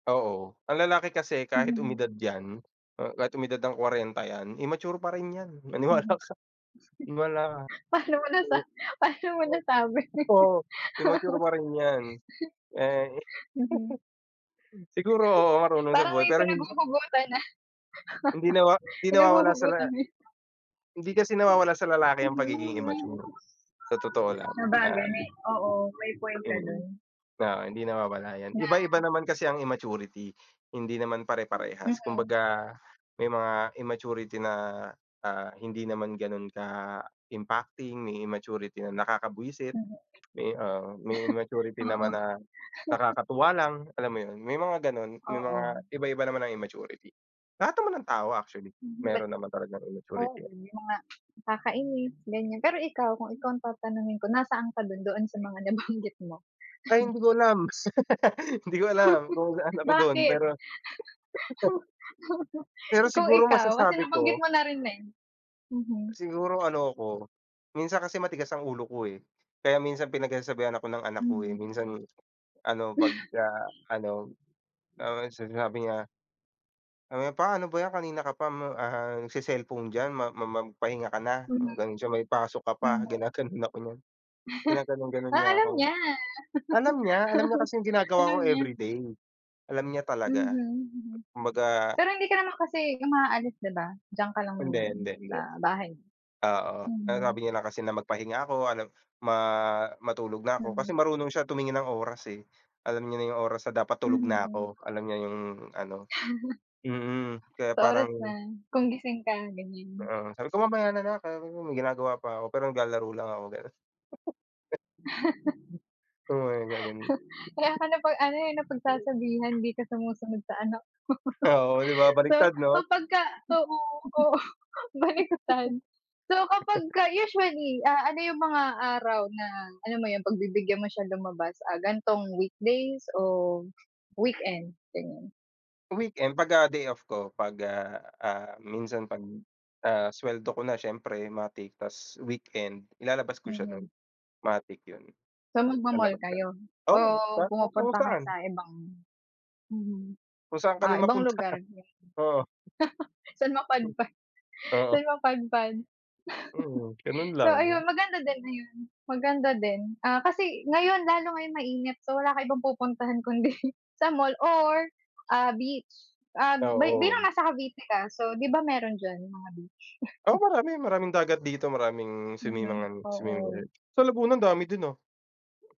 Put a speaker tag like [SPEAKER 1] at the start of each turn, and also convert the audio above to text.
[SPEAKER 1] Oo, ang lalaki kasi kahit
[SPEAKER 2] Mhm.
[SPEAKER 1] umidad yan, uh, kahit umidad ng 40 yan, immature pa rin yan, maniwala
[SPEAKER 2] Mhm.
[SPEAKER 1] ka maniwala ka,
[SPEAKER 2] Paano mo
[SPEAKER 1] o
[SPEAKER 2] nasa paano mo
[SPEAKER 1] oo,
[SPEAKER 2] nasabi?
[SPEAKER 1] oo, immature pa rin yan, eh.
[SPEAKER 2] Mhm.
[SPEAKER 1] Siguro oo marunong sa
[SPEAKER 2] Parang
[SPEAKER 1] buhay
[SPEAKER 2] may
[SPEAKER 1] pero hin
[SPEAKER 2] pinaghuhugutan, ah,
[SPEAKER 1] Hindi nawa hindi nawawala sa
[SPEAKER 2] Pinahuhugutan
[SPEAKER 1] la
[SPEAKER 2] mo yan.
[SPEAKER 1] Hindi kasi nawawala sa lalaki ang pagiging
[SPEAKER 2] Mhm.
[SPEAKER 1] immature, sa totoo lang,
[SPEAKER 2] Sabagay, oo,
[SPEAKER 1] ah,
[SPEAKER 2] may point ka
[SPEAKER 1] mm,
[SPEAKER 2] don.
[SPEAKER 1] na hindi nawawala yan, iba-iba
[SPEAKER 2] Na
[SPEAKER 1] naman kasi ang immaturity hindi naman pare-parehas.
[SPEAKER 2] Mhm.
[SPEAKER 1] Kumbaga may mga immaturity na ah hindi naman ganon ka-impacting, may immaturity na nakaka-bwiset,
[SPEAKER 2] Mhm,
[SPEAKER 1] may, ah, may immaturity
[SPEAKER 2] oo.
[SPEAKER 1] naman na nakakatuwa lang, alam mo yun, may mga ganon, may
[SPEAKER 2] Oo.
[SPEAKER 1] mga iba-iba naman ng immaturity. Lahat naman ng tao actually
[SPEAKER 2] Hmm,
[SPEAKER 1] meron naman talagang immaturity
[SPEAKER 2] oo
[SPEAKER 1] yan.
[SPEAKER 2] yung mga nakakainis ganyan. Pero ikaw kung ikaw ang tatanungin ko nasaan ka doon, doon sa mga nabanggit mo?
[SPEAKER 1] Ay hindi ko alam. Hindi ko alam kung saan ako dun
[SPEAKER 2] Bakit?
[SPEAKER 1] pero pero
[SPEAKER 2] Kung
[SPEAKER 1] siguro
[SPEAKER 2] ikaw? kasi
[SPEAKER 1] masasabi
[SPEAKER 2] nabanggit
[SPEAKER 1] ko
[SPEAKER 2] mo na rin eh, mhm.
[SPEAKER 1] siguro ano ako, minsan kasi matigas ang ulo ko, eh, kaya minsan pinagsasasabihan ako ng anak ko, eh,
[SPEAKER 2] Mhm.
[SPEAKER 1] minsan ano, pagka-ano. Tapos sinasabi niya, sabi niya, "Pa, ano ba yan kanina ka pa ma ah, nagse-cellphone diyan. Ma ma magpahinga ka,"
[SPEAKER 2] Mhm.
[SPEAKER 1] mga ganon siya, "May pasok ka pa,"
[SPEAKER 2] Mhm.
[SPEAKER 1] ginaganon ako niyan. Ginaganon-ganon
[SPEAKER 2] Ah,
[SPEAKER 1] niya
[SPEAKER 2] alam
[SPEAKER 1] ako.
[SPEAKER 2] niya.
[SPEAKER 1] Alam niya alam niya kasi yung ginagawa
[SPEAKER 2] Alam
[SPEAKER 1] ko
[SPEAKER 2] niya.
[SPEAKER 1] everyday, alam niya talaga.
[SPEAKER 2] Mhm, mm,
[SPEAKER 1] Kumbaga
[SPEAKER 2] pero hindi ka naman kasi umaalis 'di ba? Diyan ka lang
[SPEAKER 1] Hindi,
[SPEAKER 2] naman
[SPEAKER 1] hindi,
[SPEAKER 2] sa
[SPEAKER 1] hindi.
[SPEAKER 2] bahay nyo?
[SPEAKER 1] Oo, sinasabi
[SPEAKER 2] Mhm.
[SPEAKER 1] niya kasi na magpahinga ako, alam ma matulog na ako kasi
[SPEAKER 2] Mhm.
[SPEAKER 1] marunong siya tumingin ng oras, eh, alam niya na yung oras na dapat tulog na
[SPEAKER 2] Mhm.
[SPEAKER 1] ako, alam niya yung ano, mm. Kaya
[SPEAKER 2] Sa
[SPEAKER 1] parang
[SPEAKER 2] orasan na kung gising ka ganyan.
[SPEAKER 1] oo, sabi ko, "Mamaya nalang, [unintelligible] may ginagawa pa ako," pero naglalaro lang ako ganun. Oo, nagaganun.
[SPEAKER 2] Kaya ka napag-ano eh napagsasabihan di ka sumusunod sa anak mo.
[SPEAKER 1] Oo, 'di ba
[SPEAKER 2] So
[SPEAKER 1] baligtad 'no?
[SPEAKER 2] kapag ka oo, oo baliktad. So kapag ka usually, ah, ano yung mga araw na alam mo yun pagbibigyan mo siyang lumabas, ah, ganitong weekdays o weekend? Ganyan.
[SPEAKER 1] Weekend, pagka day-off ko pag, ah, ah, minsan pag, ah, sweldo ko na siyempre matik tas weekend ilalabas ko siya
[SPEAKER 2] Mhm.
[SPEAKER 1] nun, matic yun,
[SPEAKER 2] So magmo-mall
[SPEAKER 1] lalabas kami.
[SPEAKER 2] kayo,
[SPEAKER 1] Oo,
[SPEAKER 2] oh,
[SPEAKER 1] [unintelligible] kung
[SPEAKER 2] pumupunta kayo
[SPEAKER 1] saan.
[SPEAKER 2] sa ibang, mhm,
[SPEAKER 1] Kung saan
[SPEAKER 2] ah,
[SPEAKER 1] kami
[SPEAKER 2] ibang
[SPEAKER 1] mapunta,
[SPEAKER 2] lugar?
[SPEAKER 1] oo.
[SPEAKER 2] San mapadpad,
[SPEAKER 1] Oo.
[SPEAKER 2] san mapadpad.
[SPEAKER 1] Mm, ganun
[SPEAKER 2] So
[SPEAKER 1] lang.
[SPEAKER 2] ayun maganda din ayun maganda din, ah, kasi ngayon lalo ngayong mainit, so wala kang ibang pupuntahan kundi sa mall or, ah, beach, ah, bi bilang
[SPEAKER 1] Oo.
[SPEAKER 2] nasa Cavite ka, so 'di ba meron diyan yung mga beach?
[SPEAKER 1] Oo, marami, maraming dagat dito, maraming
[SPEAKER 2] Mhm,
[SPEAKER 1] swimmingan, swimmingan.
[SPEAKER 2] oo.
[SPEAKER 1] Sa Laguna andami din, ah.